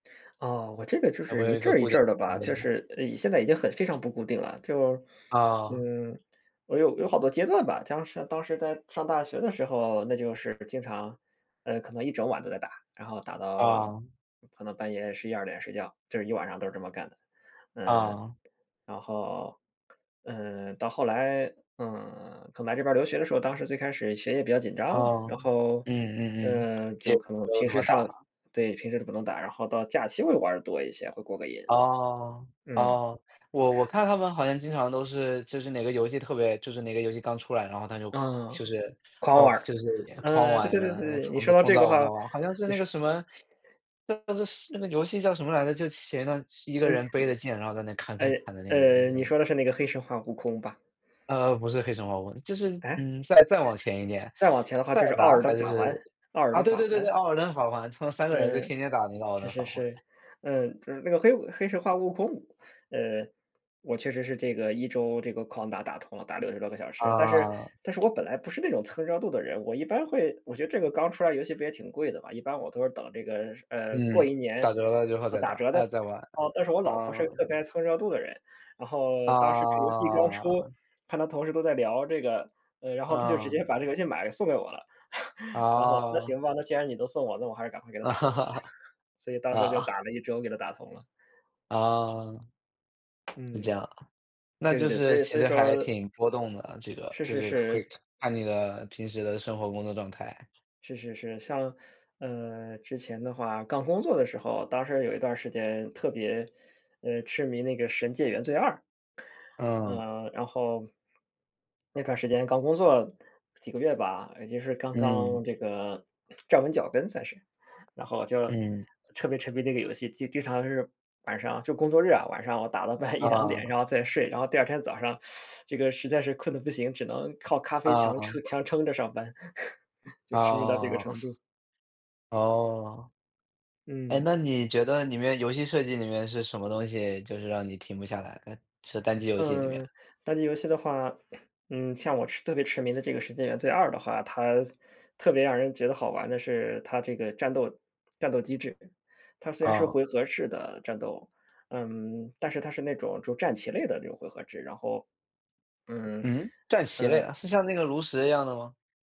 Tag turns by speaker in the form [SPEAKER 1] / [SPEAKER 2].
[SPEAKER 1] 啊，我这个就
[SPEAKER 2] 有没
[SPEAKER 1] 是
[SPEAKER 2] 有
[SPEAKER 1] 一
[SPEAKER 2] 一
[SPEAKER 1] 阵
[SPEAKER 2] 个
[SPEAKER 1] 儿一
[SPEAKER 2] 固定
[SPEAKER 1] 阵儿的
[SPEAKER 2] 时
[SPEAKER 1] 吧，
[SPEAKER 2] 间？
[SPEAKER 1] 就是，呃，现在已经很非常不固定了。就
[SPEAKER 2] 啊。
[SPEAKER 1] 嗯，我有有好多阶段吧，当时当时在上大学的时候，那就是经常呃，可能一整晚都在打，然后打到
[SPEAKER 2] 啊。
[SPEAKER 1] 可能半夜11-12点睡觉，这是一晚上都是这么干的。呃，
[SPEAKER 2] 啊。
[SPEAKER 1] 然后，呃，到后来，呃，可能来这边儿留学的时候，当时最开始学业比较紧张，
[SPEAKER 2] 哦，
[SPEAKER 1] 然后，
[SPEAKER 2] 嗯嗯嗯，
[SPEAKER 1] 呃，
[SPEAKER 2] 也
[SPEAKER 1] 就可能
[SPEAKER 2] 没有
[SPEAKER 1] 平
[SPEAKER 2] 怎
[SPEAKER 1] 时
[SPEAKER 2] 么
[SPEAKER 1] 上
[SPEAKER 2] 打。
[SPEAKER 1] 对，平时都不能打，然后到假期会玩儿得多一些，会过个瘾。
[SPEAKER 2] 哦，
[SPEAKER 1] 嗯。
[SPEAKER 2] 哦，我我看他们好像经常都是就是哪个游戏特别就是哪个游戏刚出来，然后他就狂
[SPEAKER 1] 嗯。
[SPEAKER 2] 就是，
[SPEAKER 1] 狂
[SPEAKER 2] 狂
[SPEAKER 1] 玩儿。
[SPEAKER 2] 就是也狂
[SPEAKER 1] 呃，对
[SPEAKER 2] 玩
[SPEAKER 1] 对对对
[SPEAKER 2] 啊，呃，
[SPEAKER 1] 对对，你
[SPEAKER 2] 从
[SPEAKER 1] 说
[SPEAKER 2] 早
[SPEAKER 1] 到
[SPEAKER 2] 从
[SPEAKER 1] 这个
[SPEAKER 2] 早玩
[SPEAKER 1] 话，
[SPEAKER 2] 到晚。好像是
[SPEAKER 1] 就
[SPEAKER 2] 那个
[SPEAKER 1] 是
[SPEAKER 2] 什么 就是是那个游戏叫什么来着，就前一段时一个
[SPEAKER 1] 嗯，
[SPEAKER 2] 人背着剑，然后在那砍
[SPEAKER 1] 呃
[SPEAKER 2] 砍砍的那
[SPEAKER 1] 呃
[SPEAKER 2] 个游戏，
[SPEAKER 1] 呃，
[SPEAKER 2] 叫什
[SPEAKER 1] 你
[SPEAKER 2] 么？
[SPEAKER 1] 说的是那个《黑神话：悟空》吧？
[SPEAKER 2] 呃，不是《黑神话：悟空》，就是，
[SPEAKER 1] 哎？
[SPEAKER 2] 嗯，再再往前一点，
[SPEAKER 1] 再往前的话
[SPEAKER 2] 塞
[SPEAKER 1] 就是
[SPEAKER 2] 尔
[SPEAKER 1] 《奥
[SPEAKER 2] 达
[SPEAKER 1] 尔登
[SPEAKER 2] 还
[SPEAKER 1] 法
[SPEAKER 2] 是
[SPEAKER 1] 环》《奥尔
[SPEAKER 2] 啊，
[SPEAKER 1] 登
[SPEAKER 2] 对
[SPEAKER 1] 法
[SPEAKER 2] 对对
[SPEAKER 1] 环》。
[SPEAKER 2] 对，《艾尔登法环》他们3个人就
[SPEAKER 1] 呃，
[SPEAKER 2] 天天打那个《奥尔
[SPEAKER 1] 是
[SPEAKER 2] 登
[SPEAKER 1] 是
[SPEAKER 2] 法环》。
[SPEAKER 1] 是，呃，就是那个黑悟《黑神话：悟空》，呃，我确实是这个1周这个狂打打通了，打60多个小时，但是
[SPEAKER 2] 呃。
[SPEAKER 1] 但是 我本来不是那种蹭热度的人。我一般会我觉得这个刚出来游戏不也挺贵的吧，一般我都是等这个是呃，过
[SPEAKER 2] 嗯，
[SPEAKER 1] 一年，
[SPEAKER 2] 打折了之后
[SPEAKER 1] 呃，
[SPEAKER 2] 再
[SPEAKER 1] 打
[SPEAKER 2] 打，
[SPEAKER 1] 折再
[SPEAKER 2] 呃，再玩，
[SPEAKER 1] 哦，但是我老婆是个
[SPEAKER 2] 嗯。
[SPEAKER 1] 特别蹭热度的人，然后当时这个游戏刚出，
[SPEAKER 2] 啊。
[SPEAKER 1] 看她同事都在聊这个，呃，然后她就直接
[SPEAKER 2] 嗯。
[SPEAKER 1] 把这个游戏买来送给我了。然后那行
[SPEAKER 2] 哦。
[SPEAKER 1] 吧，那既然你都送我，那我还是赶快给它打通吧，所以当时就打
[SPEAKER 2] 呃。
[SPEAKER 1] 了1周给它打通了。
[SPEAKER 2] 啊。是这
[SPEAKER 1] 嗯，
[SPEAKER 2] 样啊，那
[SPEAKER 1] 对对
[SPEAKER 2] 就
[SPEAKER 1] 对，所
[SPEAKER 2] 是
[SPEAKER 1] 以
[SPEAKER 2] 其
[SPEAKER 1] 所以
[SPEAKER 2] 实还
[SPEAKER 1] 说
[SPEAKER 2] 挺波动的，这个
[SPEAKER 1] 是
[SPEAKER 2] 就
[SPEAKER 1] 是
[SPEAKER 2] 是会
[SPEAKER 1] 是。
[SPEAKER 2] 看你的平时的生活工作状态。
[SPEAKER 1] 是是是，像，呃，之前的话刚工作的时候，当时有一段儿时间特别，呃，痴迷那个《神界：原罪2》。
[SPEAKER 2] 嗯。
[SPEAKER 1] 呃，然后那段时间刚工作几个月吧，也就是刚
[SPEAKER 2] 嗯。
[SPEAKER 1] 刚这个站稳脚跟算是，然后就
[SPEAKER 2] 嗯。
[SPEAKER 1] 特别沉迷那个游戏，经经常是晚上就工作日啊，晚上我打到半夜1-2点，然
[SPEAKER 2] 啊。
[SPEAKER 1] 后再睡，然后第2天早上 这个实在是困得不行，只能靠咖啡强撑
[SPEAKER 2] 嗯。
[SPEAKER 1] 强撑着上班，就痴迷到这个
[SPEAKER 2] 呃，
[SPEAKER 1] 程度。
[SPEAKER 2] 哦，哎，那
[SPEAKER 1] 嗯。
[SPEAKER 2] 你觉得里面游戏设计里面是什么东西，就是让你停不下来，这个单机游戏里面。
[SPEAKER 1] 嗯，单机游戏的话，嗯，像我痴特别痴迷的这个《神界：原罪2》的话，它特别让人觉得好玩的是它这个战斗战斗机制，它虽然是
[SPEAKER 2] 啊。
[SPEAKER 1] 回合式的战斗，嗯，但是它是那种就战棋类的这种回合制，然后嗯，
[SPEAKER 2] 嗯？战棋类
[SPEAKER 1] 嗯。
[SPEAKER 2] 啊？是像那个炉石一样的吗？